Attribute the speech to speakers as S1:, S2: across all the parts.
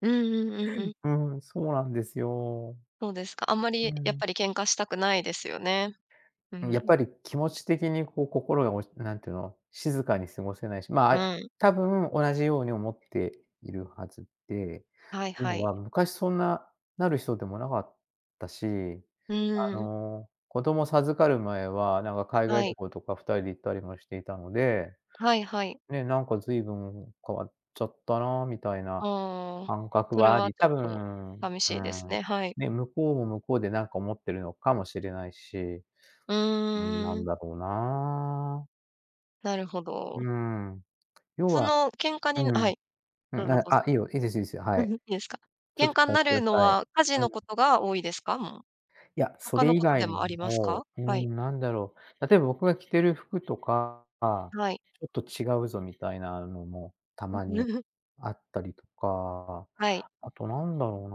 S1: うんうんうんうん。
S2: うん、そうなんですよ。
S1: そうですか、あんま
S2: う
S1: りやっ
S2: ん。
S1: ぱり喧嘩したくないですよね？う
S2: うん、やっ
S1: ん。
S2: ぱり気持ち的にこう、心が落ちなんての、静かに過ごせないし、ま、あ
S1: う
S2: い
S1: ん。
S2: 多分同じように思っているはずで、
S1: はい
S2: という
S1: は
S2: の
S1: い。
S2: は昔そんななる人でもなかったし、
S1: う
S2: あ
S1: ーん。
S2: の、子供授かる前は、なんか海
S1: は
S2: 外旅
S1: い。
S2: 行とか2人で行ったりもしていたので、
S1: はいはい。
S2: ね、なんか随分変わっちゃったなみたいな
S1: ああ、
S2: 感覚
S1: それ
S2: はあ
S1: は
S2: り、
S1: ちょっ
S2: 多
S1: と
S2: 分
S1: さみ
S2: うー
S1: しいです
S2: ん、
S1: ね、はい。
S2: ね、向こうも向こうでなんか思ってるのかもしれないし。
S1: う
S2: うん、な
S1: ー
S2: ん
S1: ん。
S2: だろうな。
S1: なるほ
S2: う
S1: ど。
S2: ーん。要
S1: そ
S2: は
S1: の喧嘩
S2: う
S1: になは
S2: ん。
S1: い、
S2: う
S1: どう
S2: ん、
S1: ぞ
S2: あ
S1: どうぞ。
S2: あ、いいよ、いいですいいですよ、は
S1: う
S2: い。
S1: ん、いいですか？
S2: ちょっ
S1: 喧
S2: と聞
S1: 嘩ん
S2: かし
S1: な
S2: てく
S1: る
S2: だ
S1: の
S2: さい。
S1: は、家事
S2: う
S1: の
S2: ん。
S1: ことが多いですか？もう。
S2: いや、そ
S1: 他
S2: れ
S1: の
S2: 以
S1: こと
S2: 外
S1: で
S2: に
S1: もありますか？
S2: もうー
S1: はい。
S2: ん、なんだろう。例えば僕が着てる服とか、ちょ
S1: はい。
S2: っと違うぞみたいなのもた
S1: お。
S2: まに あったりとか、
S1: はい。
S2: あとなんだろう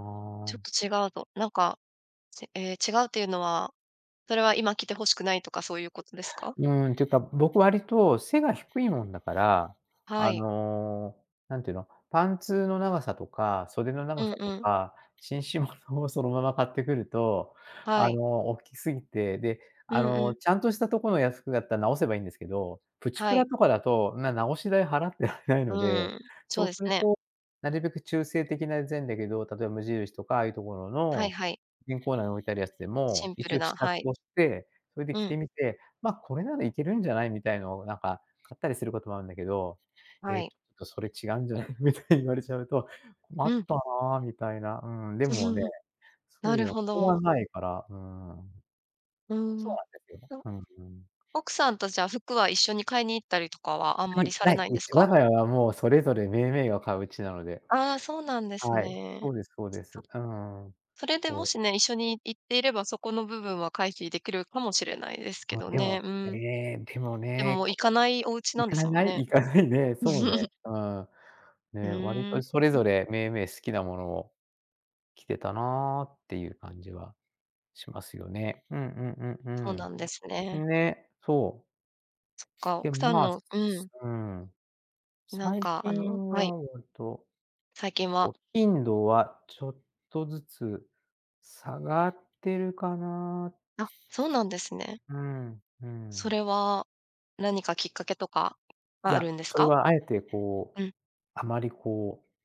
S1: ちょっ
S2: な
S1: と違うとなんか、せええ、違うっていうのは、それは今着てほしくないとかそういうことですか？
S2: うーん、っていうか、僕割と背が低いもんだから、
S1: は
S2: あ
S1: い。
S2: の、なんて言うの、パンツの長さとか袖の
S1: う
S2: 長
S1: ん
S2: さと
S1: うん。
S2: か、紳士物をそのまま買ってくると、
S1: は
S2: あ
S1: い。
S2: の、おっきすぎて、で、
S1: う
S2: あ
S1: んう
S2: の、
S1: ん。
S2: ちゃんとしたとこの、や、服だった、直せばいいんですけど、プチプ
S1: は
S2: ラ
S1: い。
S2: とかだと、んな直し代払ってられない
S1: う
S2: ので、
S1: ん、そ
S2: そ
S1: う
S2: う
S1: で
S2: す
S1: す
S2: る
S1: ね。
S2: と、なるべく中性的なぜんだけど、例えば無印とかああいうところ
S1: はい
S2: の、
S1: はい。
S2: 婦人コーナー置いてあるやつで
S1: シ
S2: も、
S1: ンプ
S2: 一
S1: ル
S2: 応試
S1: な、
S2: 着
S1: はい。
S2: をして、それで
S1: う
S2: 着
S1: ん。
S2: てみて、まあこれならいけるんじゃないみたいのをなんか買ったりすることもあんだけど、「え
S1: は
S2: え？ち
S1: い。
S2: ょっとそれ違うんじゃない？」みたいに言われちゃうと、困っ
S1: うん。
S2: たなみたいな、うーん。で
S1: う、ふ、
S2: もね、
S1: うん、
S2: そ
S1: なる
S2: う、
S1: ほ
S2: しょうが
S1: ど。
S2: ないから、うーん。
S1: うー
S2: そう
S1: ん、
S2: なんですよね。
S1: と。
S2: うん、ふん。
S1: 奥さんと、じゃ、服は一緒に買いに行ったりとかはあん
S2: な
S1: まり
S2: い、
S1: され
S2: ない。
S1: ないん
S2: う
S1: です
S2: ち我
S1: か？
S2: が家はもうそれぞれ銘銘が買ううちなので。
S1: ああ、そうなんです
S2: はい、
S1: ね。
S2: そうですそうで
S1: そ
S2: す。うんうん。
S1: それで
S2: そ
S1: も
S2: う。
S1: しね、一緒にい行っていれば、そこの部分は回避できるかもしれないですけ
S2: あ、
S1: ど
S2: でも、
S1: ね、う
S2: え
S1: ん。
S2: え、でも
S1: で
S2: ね、
S1: も行かないおうちな
S2: 行
S1: んで
S2: か
S1: すも
S2: な
S1: ん
S2: い？
S1: ね。
S2: 行かないね。そうね、うん。
S1: ふ
S2: ね、割
S1: ーん、
S2: とそれぞ
S1: ん。
S2: れ銘銘好きなものを着てたなっていう感じはしますよね、うんうんう
S1: そう
S2: ん、う
S1: なんです
S2: ー
S1: ね。
S2: ん。ね、そ
S1: そっ
S2: う。
S1: か、
S2: で
S1: 奥
S2: も、
S1: さん
S2: まあ、
S1: のう
S2: す
S1: ん。
S2: うーん、
S1: なん
S2: 最
S1: か、あ
S2: 近
S1: のはい。
S2: は割と、
S1: 最近は
S2: お頻度はちょっとずつ下がってるかな
S1: あ、そうなんですね。
S2: うん、う
S1: そ
S2: ん。
S1: れは何かきっかけとか
S2: い
S1: はあ
S2: や、
S1: るんです
S2: それ
S1: か？
S2: は敢えてこう
S1: うん。
S2: あまりこう